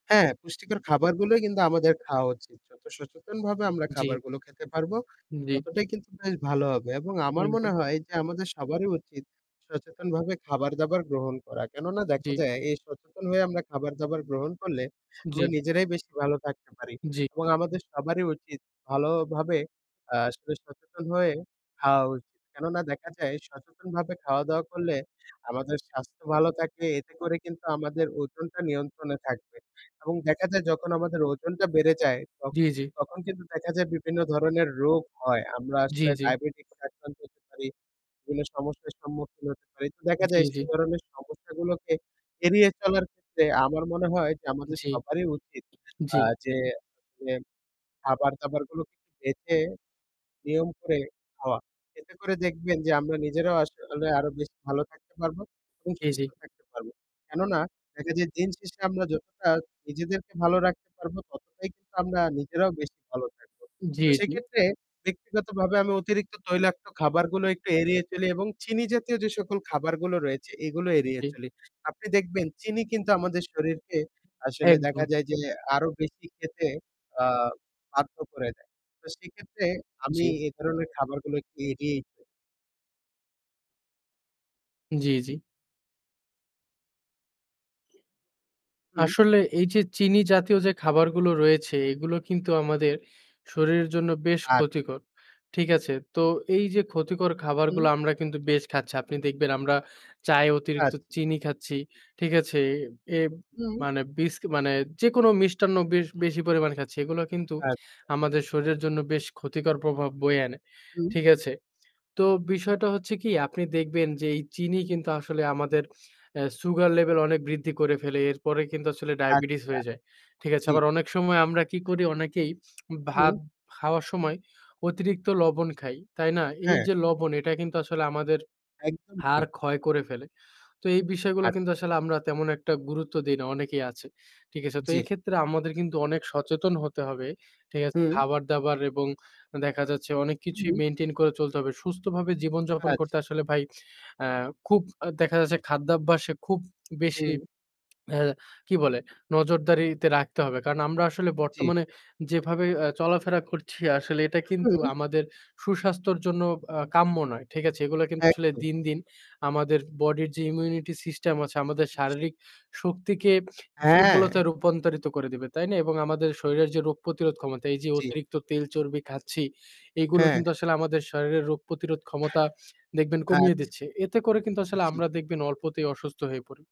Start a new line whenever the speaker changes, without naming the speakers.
হ্যাঁ, পুষ্টিকর খাবারগুলোই কিন্তু আমাদের খাওয়া উচিত। যত সচেতনভাবে আমরা
জি।
খাবারগুলো খেতে পারবো,
হুম, জি।
ততটাই কিন্তু বেশ ভালো হবে এবং আমার মনে
একদম।
হয় যে, আমাদের সবারই উচিত সচেতনভাবে খাবার-দাবার গ্রহণ করা, কেননা দেখা
জি।
যায়, এই সচেতন হয়ে আমরা খাবার-দাবার গ্রহণ করলে আমরা
জি।
নিজেরাই বেশি ভালো থাকতে পারি
জি।
এবং আমাদের সবারই উচিত ভালোভাবে আসলে সচেতন হয়ে খাওয়া উচিত। কেননা দেখা যায় সচেতনভাবে খাওয়া-দাওয়া করলে, আমাদের স্বাস্থ্য ভালো থাকে। এতে করে কিন্তু আমাদের ওজনটা নিয়ন্ত্রণে থাকবে এবং দেখা যায় যখন আমাদের ওজনটা বেড়ে যায় ত
জি, জি।
তখন কিন্তু দেখা যায় বিভিন্ন ধরনের রোগ হয়। আমরা
জি,
আসলে
জি।
diabetes আক্রান্ত হতে পারি, বিভিন্ন সমস্যার সম্মুখীন হতে পারি। তো দেখা
জি,
যায় সে
জি।
ধরনের সমস্যাগুলোকে এড়িয়ে চলার ক্ষেত্রে, আমার মনে হয় যে আমাদের
জি,
সবারই উচিত
জি।
আ যে [unintelligible] খাবার-দাবারগুলোকে একটু বেছে, নিয়ম করে খাওয়া। এতে করে দেখবেন যে আমরা নিজেরাও আসলে আরও বেশি ভালো থাকতে পারবো এবং
জি, জি।
সুস্থ থাকতে পারবো। কেননা দেখা যায় দিনশেষে আমরা যতটা নিজেদেরকে ভালো রাখতে পারবো, ততটাই কিন্তু আমরা নিজেরাও বেশি ভালো থাকবো।
জি,
তো
জি।
সেইক্ষেত্রে, ব্যক্তিগতভাবে আমি অতিরিক্ত তৈলাক্ত খাবারগুলো একটু এড়িয়ে চলি এবং চিনি জাতীয় যে সকল খাবারগুলো রয়েছে, এগুলো এড়িয়ে
জি।
চলি। আপনি দেখবেন, চিনি কিন্তু আমাদের শরীরকে আসলে
একদম।
দেখা যায় যে, আরও বেশি খেতে আ বাধ্য করে দেয়। তো সেইক্ষেত্রে আমি
জি।
এই ধরনের খাবারগুলোকে এড়িয়েই চ
জি, জি।
হুম।
আসলে এই যে চিনি জাতীয় যে খাবারগুলো রয়েছে, এগুলো কিন্তু আমাদের শরীরের জন্য বেশ
আচ্ছা।
ক্ষতিকর, ঠিক আছে? তো এই যে ক্ষতিকর
হুম।
খাবারগুলো আমরা কিন্তু বেশ খাচ্ছি। আপনি দেখবেন আমরা চায়ে
আচ্ছা।
অতিরিক্ত চিনি খাচ্ছি,
জি।
ঠিক আছে? এ এব
হুম।
মানে বিসক মানে যেকোনো মিষ্টান্ন বেশ বেশি পরিমাণ খাচ্ছি। এগুলা কিন্তু
আচ্ছা।
আমাদের শরীরের জন্য বেশ ক্ষতিকর প্রভাব বয়ে আনে,
হুম।
ঠিক আছে। তো বিষয়টা হচ্ছে কি, আপনি দেখবেন যে, এই চিনি কিন্তু আসলে আমাদের এ sugar level অনেক বৃদ্ধি করে ফেলে। এরপরে কিন্তু আসলে diabetes
আচ্ছা।
হয়ে যায়, ঠিক আছে।
জ্বি।
আবার অনেক সময় আমরা কি করি? অনেকেই
হুম।
ভাত খাওয়ার সময় অতিরিক্ত লবণ খাই, তাই না? এই
হ্যাঁ।
যে লবণ, এটা কিন্তু আসলে আমাদের
একদম ঠিক।
হাড় ক্ষয় করে ফেলে। তো এই বিষয়গুলো কিন্তু
আচ্ছা।
আসলে আমরা তেমন একটা গুরুত্ব দেই না, অনেকেই আছে, ঠিক আছে। তো
জ্বি।
এইক্ষেত্রে আমাদের কিন্তু অনেক সচেতন হতে হবে। ঠিক আছে।
হুম।
খাবার-দাবার এবং আ দেখা যাচ্ছে অনেক কিছুই
হুম।
maintain করে চলতে হবে। সুস্থভাবে জীবনযাপন
আচ্ছা।
করতে আসলে ভাই আ খুব আ দেখা যাচ্ছে খাদ্যাভ্যাসে খুব বেশি
হুম।
এ কি বলে নজরদারিতে রাখতে হবে। কারণ আমরা আসলে
জ্বি।
বর্তমানে যেভাবে আ চলাফেরা করছি আসলে এটা কিন্তু
হুম!
আমাদের সুস্বাস্থ্যর জন্য আ কাম্য নয়। ঠিক আছে? এগুলো কিন্তু আসলে
একদম।
দিন, দিন আমাদের body-র যে immunity system আছে আমাদের
জ্বি।
শারীরিক শক্তিকে
হ্যাঁ!
দুর্বলতায় রূপান্তরিত করে দেবে। তাই না? এবং আমাদের শরীরের যে রোগ প্রতিরোধ ক্ষমতা, এই যে
জ্বি।
অতিরিক্ত তেল চর্বি খাচ্ছি, এগুলো
হ্যাঁ।
কিন্তু আসলে আমাদের শরীরের রোগ প্রতিরোধ ক্ষমতা দেখবেন কমিয়ে
আচ্ছা।
দিচ্ছে। এতে করে কিন্তু আসলে
জ্বি।
আমরা দেখবেন অল্পতেই অসুস্থ হয়ে পড়ি।